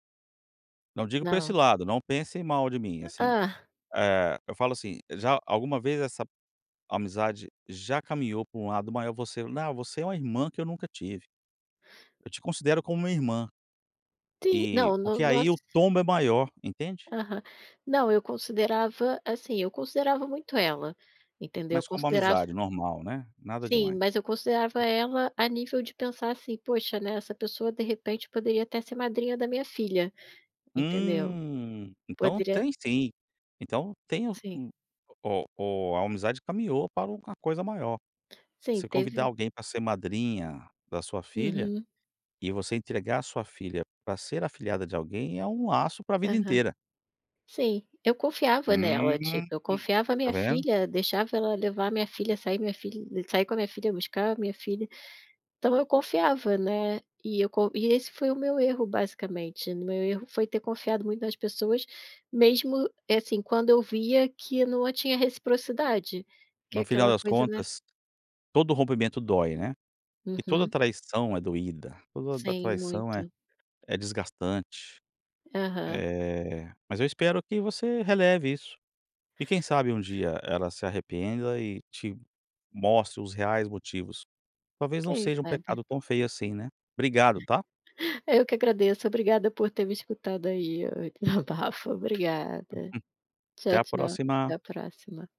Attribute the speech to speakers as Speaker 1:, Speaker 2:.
Speaker 1: Não digo pra esse
Speaker 2: Não.
Speaker 1: lado, não pensem mal de mim, assim.
Speaker 2: Hã.
Speaker 1: Eh, eu falo, assim, já alguma vez essa amizade já caminhou pra um lado maior, "você não, você é uma irmã que eu nunca tive. Eu te considero como uma irmã".
Speaker 2: Sim,
Speaker 1: Eh,
Speaker 2: não, no
Speaker 1: porque
Speaker 2: nos
Speaker 1: aí o tombo é maior, entende?
Speaker 2: Aham. Não, eu considerava assim, eu considerava muito ela, entendeu. Eu
Speaker 1: Mas como
Speaker 2: considerava
Speaker 1: amizade normal, né? Nada
Speaker 2: Sim,
Speaker 1: demais.
Speaker 2: mas eu considerava ela a nível de pensar, assim: "Poxa, né, essa pessoa, de repente, poderia até ser madrinha da minha filha", entendeu?
Speaker 1: Hum, então
Speaker 2: Poderia
Speaker 1: tem sim. Então tem o
Speaker 2: Sim.
Speaker 1: o o a amizade caminhou para uma coisa maior.
Speaker 2: Sim,
Speaker 1: Você convidar
Speaker 2: teve
Speaker 1: alguém para ser madrinha da sua filha
Speaker 2: Uhum.
Speaker 1: e você entregar a sua filha para ser afilhada de alguém, é um laço para a vida
Speaker 2: Aham.
Speaker 1: inteira.
Speaker 2: Sim, eu confiava nela,
Speaker 1: Hum,
Speaker 2: tipo, eu confiava a
Speaker 1: tá
Speaker 2: minha
Speaker 1: vendo?
Speaker 2: filha, deixava ela levar a minha filha, sair minha filha sair com a minha filha, buscar a minha filha. Então eu confiava, né. E eu co e esse foi o meu erro basicamente, o meu erro foi ter confiado muito nas pessoas, mesmo, assim, quando eu via que não a tinha reciprocidade, que
Speaker 1: No final
Speaker 2: aquela
Speaker 1: das
Speaker 2: coisa não era
Speaker 1: contas, todo rompimento dói, né. E toda a
Speaker 2: Uhum.
Speaker 1: traição é doída, toda da
Speaker 2: Sim,
Speaker 1: traição, é
Speaker 2: muito.
Speaker 1: é desgastante.
Speaker 2: Aham.
Speaker 1: Eh, mas eu espero que você releve isso, e quem sabe um dia ela se arrependa e te mostre os reais motivos. Talvez não
Speaker 2: Quem
Speaker 1: seja um
Speaker 2: sabe.
Speaker 1: pecado tão feio, assim, né. Obrigado tá?
Speaker 2: Eu que agradeço, obrigada por ter me escutado aí o desabafo, obrigada.
Speaker 1: Até
Speaker 2: Tchau,
Speaker 1: a
Speaker 2: tchau, até
Speaker 1: próxima.
Speaker 2: a próxima.